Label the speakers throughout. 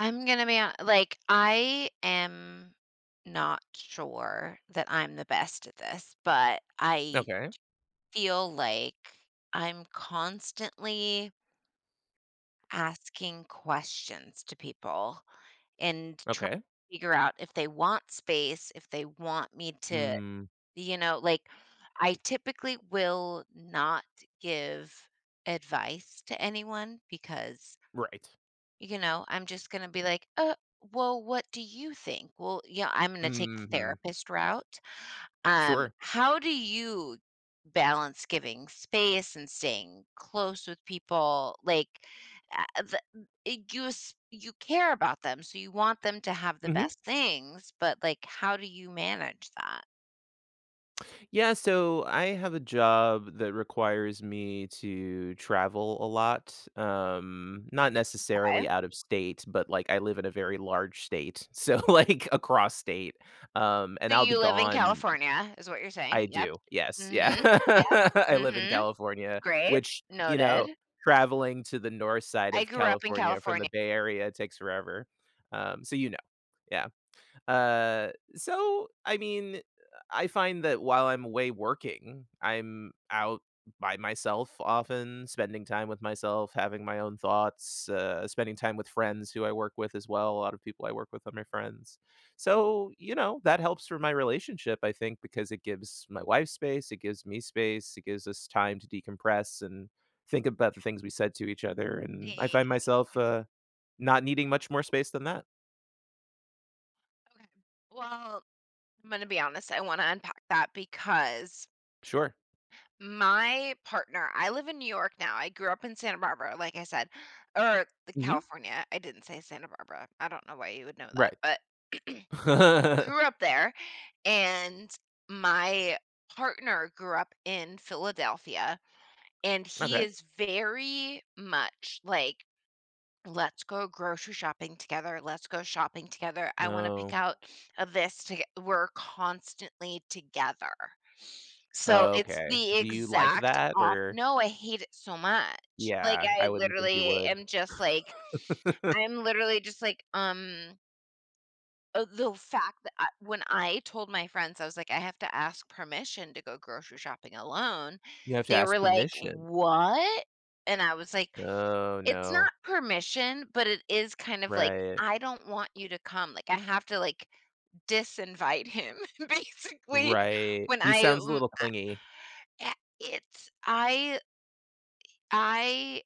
Speaker 1: I'm gonna be ho like, I am not sure that I'm the best at this, but I
Speaker 2: Okay.
Speaker 1: feel like I'm constantly asking questions to people and trying
Speaker 2: Okay.
Speaker 1: to figure out if they want space, if they want me to
Speaker 2: Mm.
Speaker 1: you know like, I typically will not give advice to anyone because
Speaker 2: Right.
Speaker 1: you know, I'm just gonna be like, "Uh, well, what do you think? Well, you know, I'm gonna take the
Speaker 2: Mhm.
Speaker 1: therapist route." Um,
Speaker 2: Sure.
Speaker 1: how do you balance giving space and staying close with people? Like uh th you s you care about them, so you want them to have the
Speaker 2: Mhm.
Speaker 1: best things. But, like, how do you manage that?
Speaker 2: Yeah, so I have a job that requires me to travel a lot, um, not
Speaker 1: 'Kay.
Speaker 2: necessarily out of state, but, like, I live in a very large state, so, like, across state. Um, and
Speaker 1: So
Speaker 2: I'll be
Speaker 1: you live in
Speaker 2: gone
Speaker 1: California, is what you're saying?
Speaker 2: I
Speaker 1: Yep.
Speaker 2: do. Yes. Yeah.
Speaker 1: Mhm. Yep.
Speaker 2: I live in
Speaker 1: Mhm.
Speaker 2: California,
Speaker 1: Great.
Speaker 2: which, you know,
Speaker 1: Noted.
Speaker 2: traveling to the north side
Speaker 1: I
Speaker 2: of
Speaker 1: grew up in
Speaker 2: California from the
Speaker 1: California.
Speaker 2: Bay Area takes forever. Um, so you know. Yeah. Uh. So, I mean, eh, I find that while I'm away working, I'm out by myself often, spending time with myself, having my own thoughts, uh, spending time with friends who I work with as well. A lotta people I work with are my friends. So, you know, that helps for my relationship, I think, because it gives my wife space, it gives me space, it gives us time to decompress and think about the things we said to each other, and I find myself,
Speaker 1: [unintelligible]
Speaker 2: uh, not needing much more space than that.
Speaker 1: Okay Well, I'm gonna be honest, I wanna unpack that because
Speaker 2: Sure.
Speaker 1: my partner I live in New York now, I grew up in Santa Barbara, like I said, or C
Speaker 2: Mhm.
Speaker 1: California, I didn't say Santa Barbara, I don't know why you would know that,
Speaker 2: Right.
Speaker 1: but grew up there, and my partner grew up in Philadelphia, and he
Speaker 2: Okay.
Speaker 1: is very much like, "Let's go grocery shopping together, let's go shopping together, I wanna pick
Speaker 2: No.
Speaker 1: out, uh, this toge" We're constantly together. So
Speaker 2: Oh,
Speaker 1: it's
Speaker 2: okay.
Speaker 1: the
Speaker 2: Do you like
Speaker 1: exact
Speaker 2: that?
Speaker 1: op
Speaker 2: Or
Speaker 1: no, I hate it so much, like,
Speaker 2: Yeah, I
Speaker 1: I
Speaker 2: wouldn't think you
Speaker 1: literally
Speaker 2: would.
Speaker 1: am just, like I'm literally just, like, um uh, the fact that I when I told my friends, I was like, "I have to ask permission to go grocery shopping alone."
Speaker 2: You have to
Speaker 1: They
Speaker 2: ask
Speaker 1: were like,
Speaker 2: permission.
Speaker 1: "What?" And I was like,
Speaker 2: Oh
Speaker 1: "It's
Speaker 2: no.
Speaker 1: not permission, but it is kind of like,
Speaker 2: Right.
Speaker 1: I don't want you to come. Like, I have to, like, disinvite him, basically."
Speaker 2: Right.
Speaker 1: When
Speaker 2: He
Speaker 1: I a
Speaker 2: sounds a
Speaker 1: lu
Speaker 2: little clingy.
Speaker 1: I i it's I I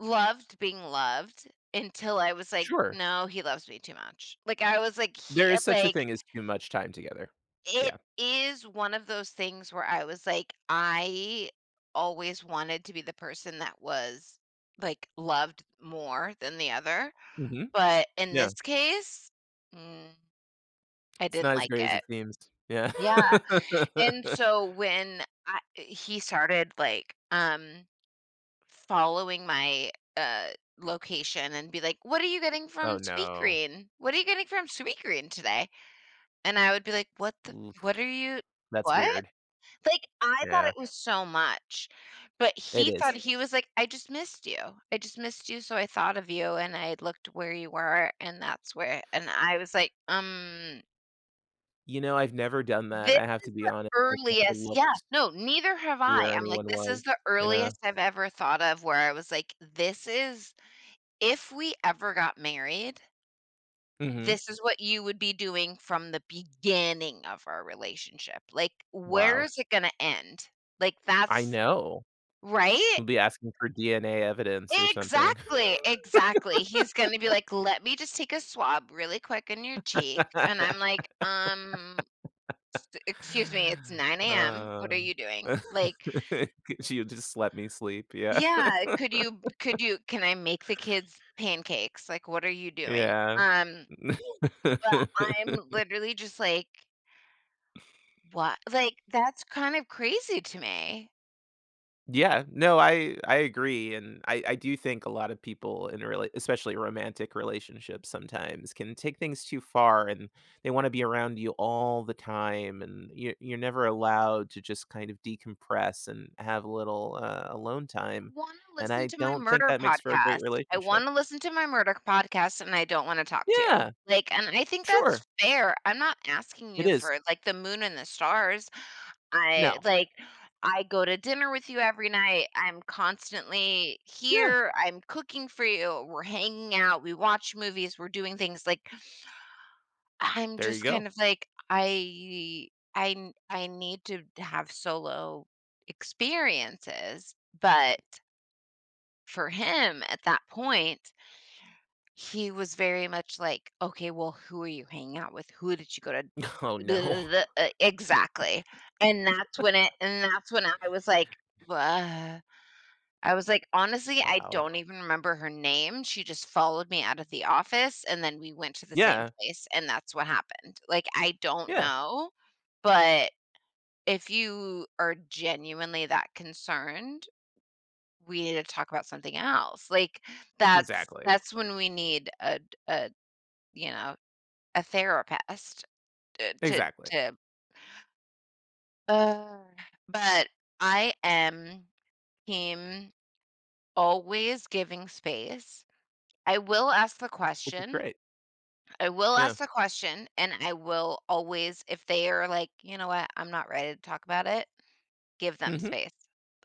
Speaker 1: loved being loved until I was like,
Speaker 2: Sure.
Speaker 1: "No, he loves me too much." Like, I was like
Speaker 2: There
Speaker 1: he, uh,
Speaker 2: is such a
Speaker 1: like
Speaker 2: thing as too much time together.
Speaker 1: it
Speaker 2: Yeah.
Speaker 1: is one of those things where I was like, I always wanted to be the person that was, like, loved more than the other.
Speaker 2: Mhm.
Speaker 1: But in this
Speaker 2: Yeah.
Speaker 1: case, mm, I
Speaker 2: It's
Speaker 1: didn't
Speaker 2: not as
Speaker 1: like
Speaker 2: great as
Speaker 1: it.
Speaker 2: it seems. Yeah.
Speaker 1: Yeah, and so when I he started, like, um, following my, uh, location and be like, "What are you getting from
Speaker 2: Oh, no.
Speaker 1: Sweetgreen? What are you getting from Sweetgreen today?" And I would be like, "What the
Speaker 2: Oof.
Speaker 1: what are you
Speaker 2: That's
Speaker 1: what?"
Speaker 2: weird.
Speaker 1: Like, I thought
Speaker 2: Yeah.
Speaker 1: it was so much, but
Speaker 2: It
Speaker 1: he thought
Speaker 2: is.
Speaker 1: he was like, "I just missed you, I just missed you, so I thought of you, and I looked where you were, and that's where" and I was like, "Um"
Speaker 2: You know, I've never done that,
Speaker 1: this
Speaker 2: I have to
Speaker 1: is
Speaker 2: be
Speaker 1: the
Speaker 2: honest. I've never
Speaker 1: earliest Yeah,
Speaker 2: looked
Speaker 1: no, neither have I,
Speaker 2: where
Speaker 1: I'm like,
Speaker 2: anyone
Speaker 1: this is
Speaker 2: was.
Speaker 1: the
Speaker 2: Yeah.
Speaker 1: earliest I've ever thought of where I was like, "This is if we ever got married"
Speaker 2: Mhm.
Speaker 1: "this is what you would be doing from the beginning of our relationship. Like, where
Speaker 2: Wow.
Speaker 1: is it gonna end?" Like,
Speaker 2: I
Speaker 1: that's
Speaker 2: know.
Speaker 1: Right?
Speaker 2: He'll be asking for DNA evidence or something.
Speaker 1: Exactly, exactly, he's gonna be like, "Let me just take a swab really quick in your cheek," and I'm like, "Um, s excuse me, it's 9:00 AM, what are
Speaker 2: Uh,
Speaker 1: you doing?" Like
Speaker 2: She'd just let me sleep, yeah.
Speaker 1: Yeah, "Could you could you can I make the kids pancakes?" Like, "What are you doing?"
Speaker 2: Yeah.
Speaker 1: Um But I'm literally just like What? Like, that's kind of crazy to me.
Speaker 2: Yeah, no, I I agree, and I I do think a lot of people in a rela especially romantic relationships sometimes can take things too far, and they wanna be around you all the time, and you you're never allowed to just kind of decompress and have a little, uh, alone
Speaker 1: I
Speaker 2: time,
Speaker 1: wanna
Speaker 2: and
Speaker 1: listen
Speaker 2: I
Speaker 1: to my
Speaker 2: don't think
Speaker 1: murder
Speaker 2: that makes for a
Speaker 1: podcast.
Speaker 2: great
Speaker 1: I
Speaker 2: relationship.
Speaker 1: wanna listen to my murder podcast, and I don't wanna talk to you.
Speaker 2: Yeah.
Speaker 1: Like, and I think
Speaker 2: Sure.
Speaker 1: that's fair, I'm not asking
Speaker 2: It
Speaker 1: you
Speaker 2: is.
Speaker 1: for, like, the Moon and the stars. I,
Speaker 2: No.
Speaker 1: like I go to dinner with you every night, I'm constantly
Speaker 2: Yeah.
Speaker 1: here, I'm cooking for you, we're hanging out, we watch movies, we're doing things, like I’m
Speaker 2: There you
Speaker 1: just
Speaker 2: go.
Speaker 1: kind of like, I I n I need to have solo experiences, but for him, at that point he was very much, like, "Okay, well, who are you hanging out with? Who did you go to"
Speaker 2: Oh, no.
Speaker 1: E exactly. And that's when it and that's when I was, like, "Bleh." I was, like, "Honestly, I
Speaker 2: Wow.
Speaker 1: don't even remember her name, she just followed me out of the office, and then we went to the same
Speaker 2: Yeah.
Speaker 1: place, and that's what happened, like, I don't
Speaker 2: Yeah.
Speaker 1: know. But, uh, if you are genuinely that concerned, we need to talk about something else." Like, that's
Speaker 2: Exactly.
Speaker 1: that's when we need a d a, you know, a therapist to to
Speaker 2: Exactly.
Speaker 1: to Ugh. But I am team always giving space. I will ask the
Speaker 2: Which is
Speaker 1: question.
Speaker 2: great.
Speaker 1: I will
Speaker 2: Yeah.
Speaker 1: ask the question, and I will always if they are like, "You know what? I'm not ready to talk about it." Give them
Speaker 2: Mhm.
Speaker 1: space.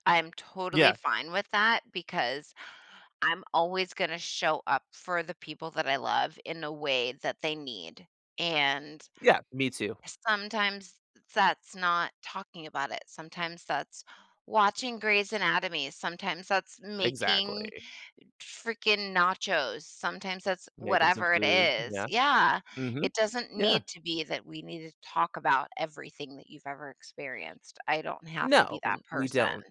Speaker 1: I'm totally
Speaker 2: Yeah.
Speaker 1: fine with that because I'm always gonna show up for the people that I love in a way that they need. And
Speaker 2: Yeah, me too.
Speaker 1: sometimes that's not talking about it. Sometimes that's watching Grey's Anatomy, sometimes that's making
Speaker 2: Exactly.
Speaker 1: freaking nachos, sometimes that's
Speaker 2: Making some
Speaker 1: whatever it
Speaker 2: food.
Speaker 1: is.
Speaker 2: Yeah.
Speaker 1: Yeah.
Speaker 2: Mhm.
Speaker 1: It doesn't
Speaker 2: Yeah.
Speaker 1: need to be that we need to talk about everything that you've ever experienced. I don't have to
Speaker 2: No.
Speaker 1: be
Speaker 2: W
Speaker 1: that
Speaker 2: we
Speaker 1: person.
Speaker 2: don't.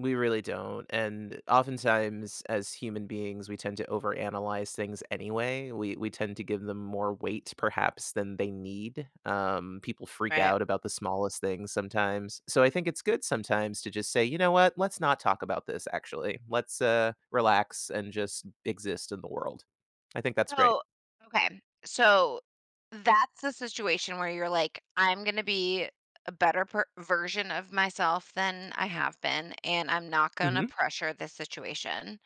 Speaker 2: We really don't, and oftentimes, as human beings, we tend to overanalyze things anyway. We we tend to give them more weight perhaps than they need, um, people freak
Speaker 1: Right.
Speaker 2: out about the smallest things sometimes. So, I think it's good sometimes to just say, "You know what? Let's not talk about this, actually. Let's, uh, relax and just exist in the world." I think that's great.
Speaker 1: Oh, okay. So, that's the situation where you're, like, "I'm gonna be a a better per version of myself than I have been, and I'm not gonna
Speaker 2: Mhm.
Speaker 1: pressure this situation."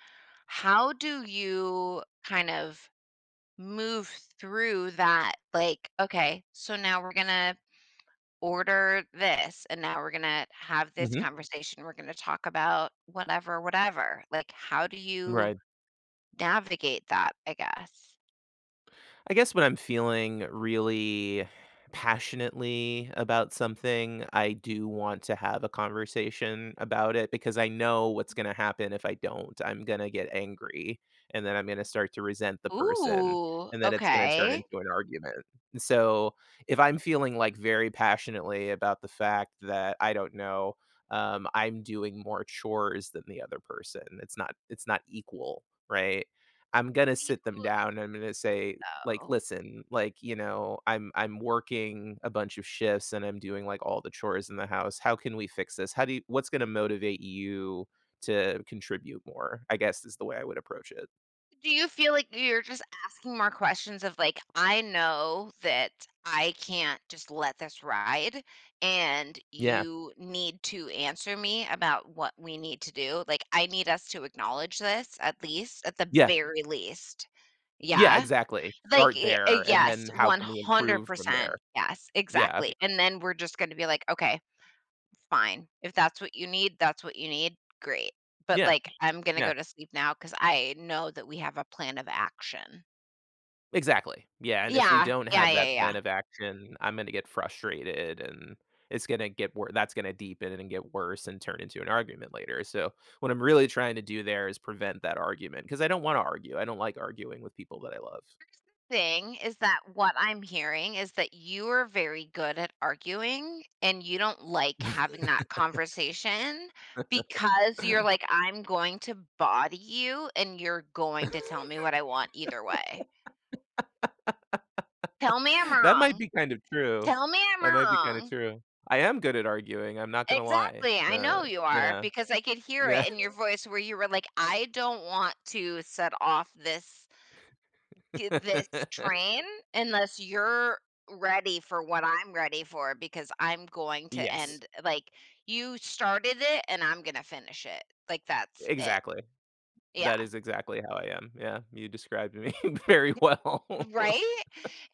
Speaker 1: How do you kind of move through that? Like, "Okay. So, now we're gonna order this, and now we're gonna have this
Speaker 2: Mhm.
Speaker 1: conversation, we're gonna talk about whatever, whatever." Like, how do you
Speaker 2: Right.
Speaker 1: navigate that, I guess?
Speaker 2: I guess when I'm feeling really passionately about something, I do want to have a conversation about it because I know what's gonna happen if I don't. I'm gonna get angry, and then I'm gonna start to resent the person,
Speaker 1: Ooh,
Speaker 2: and then it's gonna turn
Speaker 1: okay.
Speaker 2: into an argument, so, if I'm feeling, like, very passionately about the fact that, I don't know, um, I'm doing more chores than the other person, it's not it's not equal, right? I'm gonna sit them down, and I'm gonna say, like,
Speaker 1: [unintelligible]
Speaker 2: "Listen, like, you know, I'm I'm working a bunch of shifts, and I'm doing, like, all the chores in the house. How can we fix this? How do you what's gonna motivate you to contribute more?" I guess is the way I would approach it.
Speaker 1: Do you feel like y you're just asking more questions of, like, "I know that I can't just let this ride, and
Speaker 2: Yeah.
Speaker 1: you need to answer me about what we need to do, like, I need us to acknowledge this at least at the
Speaker 2: Yeah.
Speaker 1: very least."
Speaker 2: Yeah,
Speaker 1: Yeah.
Speaker 2: exactly.
Speaker 1: Like,
Speaker 2: Start
Speaker 1: eh, a
Speaker 2: there, and
Speaker 1: yes,
Speaker 2: then how
Speaker 1: one
Speaker 2: can we
Speaker 1: hundred
Speaker 2: improve from
Speaker 1: percent.
Speaker 2: there.
Speaker 1: Yes,
Speaker 2: Yeah.
Speaker 1: exactly, and then we're just gonna be like, "Okay. Fine. If that's what you need, that's what you need. Great, but,
Speaker 2: Yeah,
Speaker 1: like, I'm gonna go
Speaker 2: yeah.
Speaker 1: to sleep now 'cause I know that we have a plan of action."
Speaker 2: Exactly. Yeah, and if we
Speaker 1: Yeah.
Speaker 2: don't
Speaker 1: Yeah,
Speaker 2: have
Speaker 1: yeah,
Speaker 2: that
Speaker 1: yeah.
Speaker 2: plan of action, I'm gonna get frustrated, and it's gonna get wo that's gonna deepen, and get worse and turn into an argument later; so, what I'm really trying to do there is prevent that argument 'cause I don't wanna argue, I don't like arguing with people that I love.
Speaker 1: Here's the thing, is that what I'm hearing is that you are very good at arguing, and you don't like having that conversation, because you're like, "I'm going to body you, and you're going to tell me what I want, either way." Tell me I'm
Speaker 2: That might
Speaker 1: wrong.
Speaker 2: be kind of true,
Speaker 1: Tell me I'm
Speaker 2: that might be kinda
Speaker 1: wrong.
Speaker 2: true; I am good at arguing, I'm not gonna lie,
Speaker 1: Exactly, I
Speaker 2: eh
Speaker 1: know you are,
Speaker 2: yeah.
Speaker 1: because I could hear it
Speaker 2: Yeah.
Speaker 1: in your voice where you were like, "I don't want to set off this" "get this train, unless you're ready for what I'm ready for because I'm going to
Speaker 2: Yes.
Speaker 1: end ,like, you started it, and I'm gonna finish it." Like, that's it.
Speaker 2: Exactly.
Speaker 1: Yeah.
Speaker 2: That is exactly how I am, yeah, you described me very well.
Speaker 1: Right?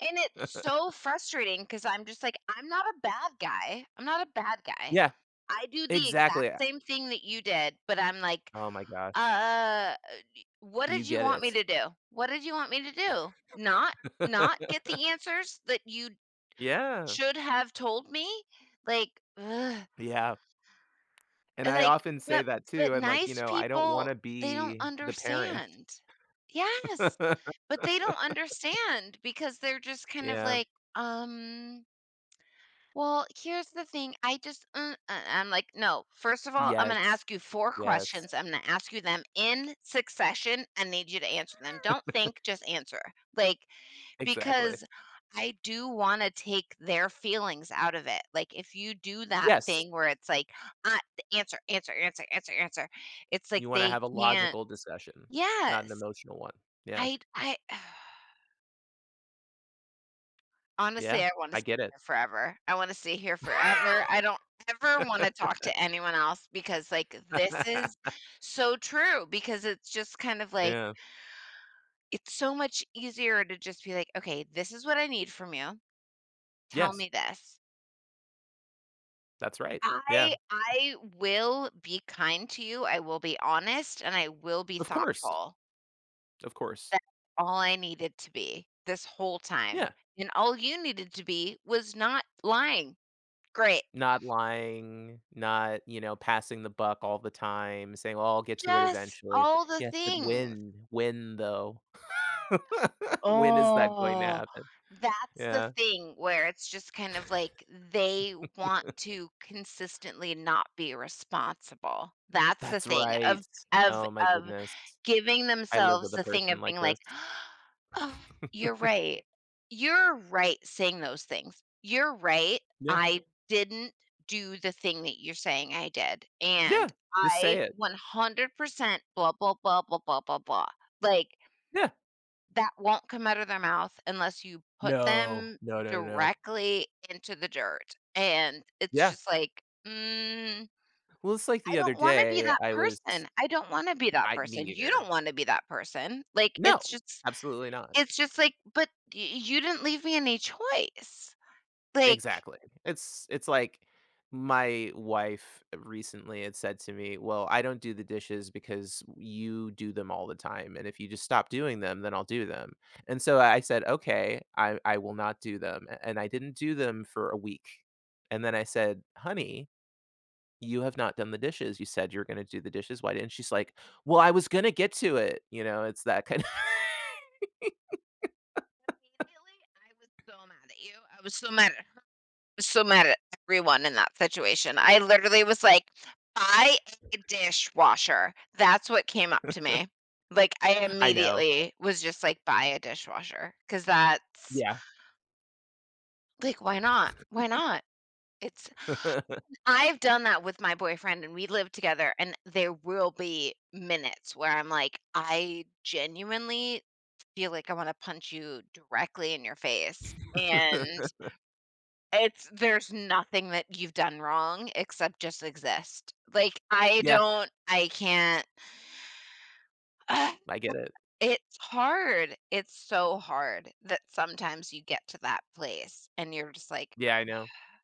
Speaker 1: And it's so frustrating 'cause I'm just like, "I'm not a bad guy I'm not a bad guy.
Speaker 2: Yeah.
Speaker 1: I do the exact
Speaker 2: Exactly, I
Speaker 1: same thing that you did," but I'm like,
Speaker 2: Oh, my
Speaker 1: "Uh
Speaker 2: gosh.
Speaker 1: uh, d what
Speaker 2: You
Speaker 1: did you
Speaker 2: get
Speaker 1: want me
Speaker 2: it.
Speaker 1: to do? What did you want me to do? Not not get the answers that you'd
Speaker 2: Yeah.
Speaker 1: should have told me?" Like, ugh!
Speaker 2: Yeah. And I
Speaker 1: Like,
Speaker 2: often say
Speaker 1: but
Speaker 2: that,
Speaker 1: but
Speaker 2: too, I'm like, "You
Speaker 1: nice
Speaker 2: know, I don't
Speaker 1: people,
Speaker 2: wanna
Speaker 1: they don't
Speaker 2: be the parent."
Speaker 1: understand. Yes. But they don't understand because they're just kind of,
Speaker 2: Yeah.
Speaker 1: like, um Well, here's the thing, I just, mm uh, I'm like, 'No, first of all, I'm gonna
Speaker 2: Yes.
Speaker 1: ask you 4
Speaker 2: Yes.
Speaker 1: questions, I'm gonna ask you them in succession and need you to answer them, don't think, just answer," like,
Speaker 2: Exactly.
Speaker 1: because, I do wanna take their feelings out of it, like, if you do that
Speaker 2: Yes.
Speaker 1: thing where it's like, at "Answer, answer, answer, answer, answer." It's, like,
Speaker 2: You wanna
Speaker 1: they
Speaker 2: have a
Speaker 1: can't
Speaker 2: logical discussion, not an
Speaker 1: Yes!
Speaker 2: emotional one, yeah.
Speaker 1: I I Ugh.
Speaker 2: Yeah,
Speaker 1: Honestly, I wanna
Speaker 2: I
Speaker 1: stay
Speaker 2: get it.
Speaker 1: here forever, I wanna stay here forever, I don't ever wanna talk to anyone else because, like, this is so true because it's just kind of like,
Speaker 2: Yeah.
Speaker 1: it's so much easier to just be like, "Okay, this is what I need from you, tell
Speaker 2: Yes.
Speaker 1: me this."
Speaker 2: That's right. Yeah.
Speaker 1: I I will be kind to you. I will be honest, and I will be
Speaker 2: Of course.
Speaker 1: thoughtful.
Speaker 2: Of course.
Speaker 1: That's all I needed to be this whole time,
Speaker 2: Yeah.
Speaker 1: and all you needed to be was not lying. Great.
Speaker 2: Not lying, not, you know, passing the buck all the time, saying, "Oh, I'll get to it
Speaker 1: Just
Speaker 2: eventually."
Speaker 1: all the
Speaker 2: Yes, but
Speaker 1: things.
Speaker 2: when? When, though? When is that going to
Speaker 1: Oh,
Speaker 2: happen?
Speaker 1: that's the
Speaker 2: Yeah.
Speaker 1: thing where it's just kind of, like, they want to consistently not be responsible. That's the
Speaker 2: That's
Speaker 1: thing of
Speaker 2: right.
Speaker 1: of
Speaker 2: Oh my
Speaker 1: of
Speaker 2: goodness.
Speaker 1: giving
Speaker 2: I live
Speaker 1: themselves
Speaker 2: with a
Speaker 1: the thing
Speaker 2: person
Speaker 1: of
Speaker 2: like
Speaker 1: being like,
Speaker 2: this.
Speaker 1: "Oh, you're right. You're right saying those things. You're right,
Speaker 2: Yeah.
Speaker 1: I didn't do the thing that you're saying I did, and
Speaker 2: Yeah. Just
Speaker 1: I,
Speaker 2: say it.
Speaker 1: 100% blah blah blah blah blah blah blah." Like
Speaker 2: Yeah.
Speaker 1: That won't come out of their mouth unless you put
Speaker 2: No.
Speaker 1: them
Speaker 2: No, no, no.
Speaker 1: directly into the dirt. And it's
Speaker 2: Yeah.
Speaker 1: just like, mm,
Speaker 2: Well, it's like
Speaker 1: I
Speaker 2: the other
Speaker 1: don't wanna be
Speaker 2: day,
Speaker 1: that
Speaker 2: I was
Speaker 1: person. I don't wanna be that
Speaker 2: I me
Speaker 1: person, you
Speaker 2: either.
Speaker 1: don't wanna be that person, like,
Speaker 2: No.
Speaker 1: it's just
Speaker 2: Absolutely not.
Speaker 1: it's just like, but y you didn't leave me any choice, like
Speaker 2: Exactly. It's it's like my wife recently had said to me, "Well, I don't do the dishes because you do them all the time, and if you just stop doing them, then I'll do them." And so, I said, "Okay. I I will not do them." A And I didn't do them for a week; and then I said, "Honey, you have not done the dishes, you said you were gonna do the dishes. Why didn't" She's like, "Well, I was gonna get to it." You know? It's that kind of
Speaker 1: Immediately, I was so mad at you. I was so mad at her, so mad at everyone in that situation, I literally was like, "Buy a dishwasher," that's what came up to me, like, I
Speaker 2: I know.
Speaker 1: immediately was just like, "Buy a dishwasher." 'Cause that's
Speaker 2: Yeah.
Speaker 1: Like, why not? Why not? It's I've done that with my boyfriend, and we live together, and there will be minutes where I'm like, "I genuinely feel like I wanna punch you directly in your face." And It's there's nothing that you've done wrong except just exist, like, I
Speaker 2: Yeah.
Speaker 1: don't I can't
Speaker 2: I get it.
Speaker 1: it's hard. It's so hard that sometimes you get to that place, and you're just like
Speaker 2: Yeah, I know.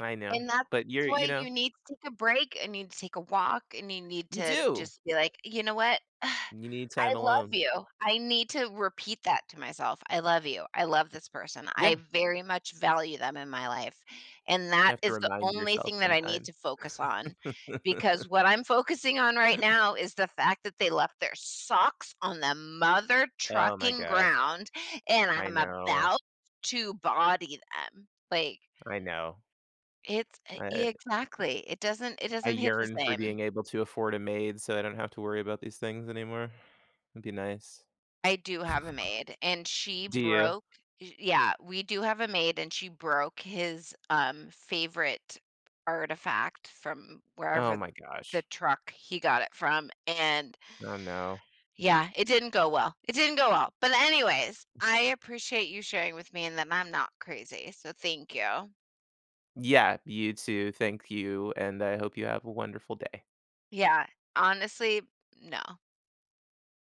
Speaker 2: I know.
Speaker 1: And that's
Speaker 2: But you're you
Speaker 1: why
Speaker 2: know?
Speaker 1: you need to take a break and need to take a walk and you need
Speaker 2: You
Speaker 1: to
Speaker 2: do.
Speaker 1: just be like, "You know what?
Speaker 2: You need
Speaker 1: I
Speaker 2: time
Speaker 1: love
Speaker 2: alone.
Speaker 1: you." I need to repeat that to myself. "I love you. I love this person. I
Speaker 2: Yeah.
Speaker 1: very much value them in my life, and
Speaker 2: You
Speaker 1: that
Speaker 2: have to
Speaker 1: is the
Speaker 2: remind
Speaker 1: only
Speaker 2: yourself
Speaker 1: thing that I need
Speaker 2: sometime.
Speaker 1: to focus on. Because what I'm focusing on right now is the fact that they left their socks on the mother
Speaker 2: Oh my
Speaker 1: trucking
Speaker 2: gosh.
Speaker 1: ground, and
Speaker 2: I
Speaker 1: I'm
Speaker 2: know.
Speaker 1: about to body them." Like
Speaker 2: I know.
Speaker 1: It's
Speaker 2: I
Speaker 1: e
Speaker 2: it
Speaker 1: exactly. It doesn't it
Speaker 2: I
Speaker 1: doesn't hit the
Speaker 2: yearn for
Speaker 1: same.
Speaker 2: being able to afford a maid so I don't have to worry about these things anymore. It'd be nice.
Speaker 1: I do have a maid, and she
Speaker 2: Do you?
Speaker 1: broke eh Yeah, we do have a maid, and she broke his, um, favorite artifact from
Speaker 2: Oh
Speaker 1: wherever
Speaker 2: my
Speaker 1: the
Speaker 2: gosh.
Speaker 1: truck he got it from, and
Speaker 2: Oh, no.
Speaker 1: Yeah, it didn't go well. It didn't go well. But, anyways, I appreciate you sharing with me and that I'm not crazy, so thank you.
Speaker 2: Yeah, you too. Thank you, and I hope you have a wonderful day.
Speaker 1: Yeah. Honestly, no.